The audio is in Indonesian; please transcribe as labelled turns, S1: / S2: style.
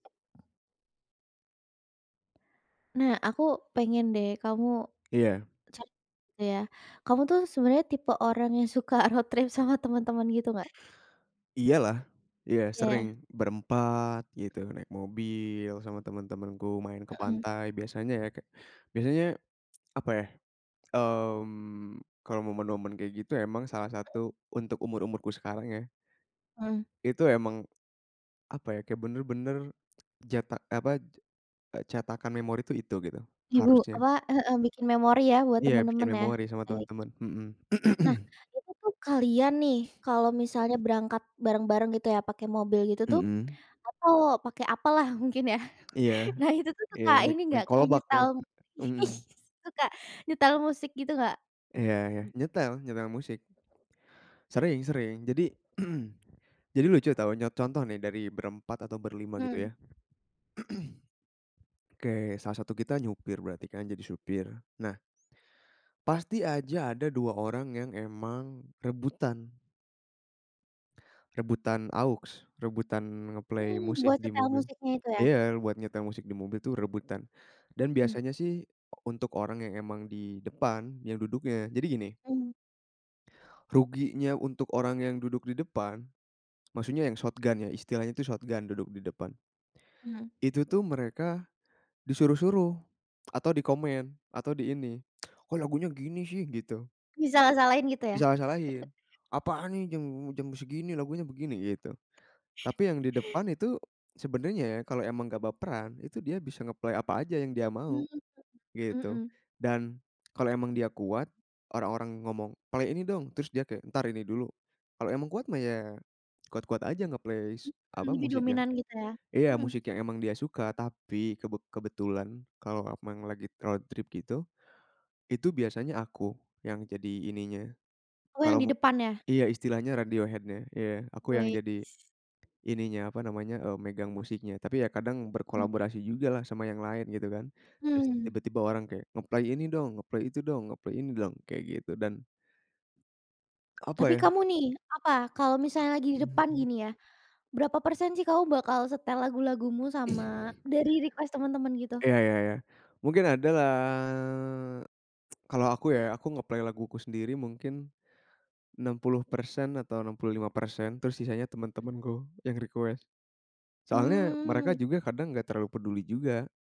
S1: Nah, aku pengen deh kamu
S2: Iya.
S1: ca ya. Kamu tuh sebenarnya tipe orang yang suka road trip sama teman-teman gitu nggak?
S2: Iya lah, iya sering.
S1: Iya.
S2: Berempat gitu, naik mobil sama teman-temanku, main ke
S1: Heeh.
S2: pantai biasanya ya ke biasanya, apa ya. Mmm, kalau momen-momen kayak gitu emang salah satu untuk umur-umurku sekarang ya,
S1: Mmm.
S2: itu emang, apa ya, kayak benar-benar jata eee, apa, cetakan memori tuh itu gitu,
S1: Ibu,
S2: harusnya.
S1: apa heeh, bikin memori ya buat
S2: Iya, bikin
S1: teman-teman ya.
S2: memori sama
S1: Baik.
S2: teman-teman. Mhm.
S1: Nah, itu tuh kalian nih kalau misalnya berangkat bareng-bareng gitu ya, pakai mobil gitu tuh,
S2: Mhm.
S1: atau pakai apalah mungkin ya.
S2: Iya
S1: Nah itu tuh
S2: iya.
S1: suka
S2: Naik
S1: ini nggak
S2: naik
S1: kayak
S2: kolbak dong.
S1: nyetel
S2: Mhm.
S1: suka nyetel musik gitu nggak?
S2: Iya iya.
S1: Mmm.
S2: Nyetel, nyetel musik. Sering sering. Jadi jadi lucu tahu, nya contoh nih dari berempat atau berlima gitu
S1: Mmm.
S2: ya.. Oke, salah satu kita nyopir berarti kan, jadi supir. Nah, pasti aja ada 2 orang yang emang rebutan. Rebutan aux, rebutan nge-play
S1: Mmm,
S2: musik
S1: buat
S2: di
S1: setel
S2: mobil.
S1: musiknya itu ya?
S2: Iya, buat nyetel musik di mobil tuh rebutan. Dan
S1: Mhm.
S2: biasanya sih, untuk orang yang emang di depan yang duduknya jadi gini
S1: Mmm.
S2: ruginya untuk orang yang duduk di depan, maksudnya yang shotgun ya istilahnya itu shotgun duduk di depan.
S1: Mmm.
S2: Itu tuh mereka, disuruh-suruh atau dikomen atau di ini. "Kok lagunya gini sih," gitu.
S1: Disalah-salahin gitu ya?
S2: Disalah-salahin. Apaan nih jam jam segini lagunya begini, gitu. Tapi yang di depan itu sebenarnya ya kalau emang nggak baperan, itu dia bisa nge-play apa aja yang dia
S1: Mmm,
S2: mau,
S1: mhm
S2: gitu.
S1: mhm.
S2: Dan kalau emang dia kuat, orang-orang ngomong, "Play ini dong!" Terus dia kayak, "Entar ini dulu." Kalau emang kuat mah, ya kuat-kuat aja nge-play s
S1: Mhm,
S2: apa,
S1: lebih
S2: musik yang
S1: dominan gitu ya?
S2: iya,
S1: Mhm.
S2: musik yang emang dia suka. Tapi kebet kebetulan kalau aku memang lagi road trip gitu, itu biasanya aku, yang jadi ininya,
S1: Oh yang
S2: kalau
S1: di
S2: mau
S1: depan ya?
S2: iya, istilahnya radio head-nya. Iya, aku yang jadi
S1: Weits.
S2: ininya, apa namanya, eee, megang musiknya tapi ya kadang
S1: Mmm.
S2: berkolaborasi juga lah sama yang lain, gitu kan. Terus
S1: Mmm.
S2: tiba-tiba orang kayak, nge-play ini dong, nge-play itu dong, nge-play ini dong, kayak gitu dan apa
S1: Tapi
S2: ya
S1: kamu nih, apa, kalau misalnya lagi di
S2: Mmm
S1: depan
S2: mmm.
S1: gini ya, berapa persen sih kamu bakal setel lagu-lagumu sama dari request teman-teman gitu?
S2: Iya iya iya. Mungkin ada lah. Kalau aku ya. Aku nge-play laguku sendiri mungkin 60% atau 65%, terus sisanya
S1: Mhm.
S2: teman-temanku, yang request. Soalnya mereka
S1: Mmm.
S2: juga kadang nggak terlalu peduli juga.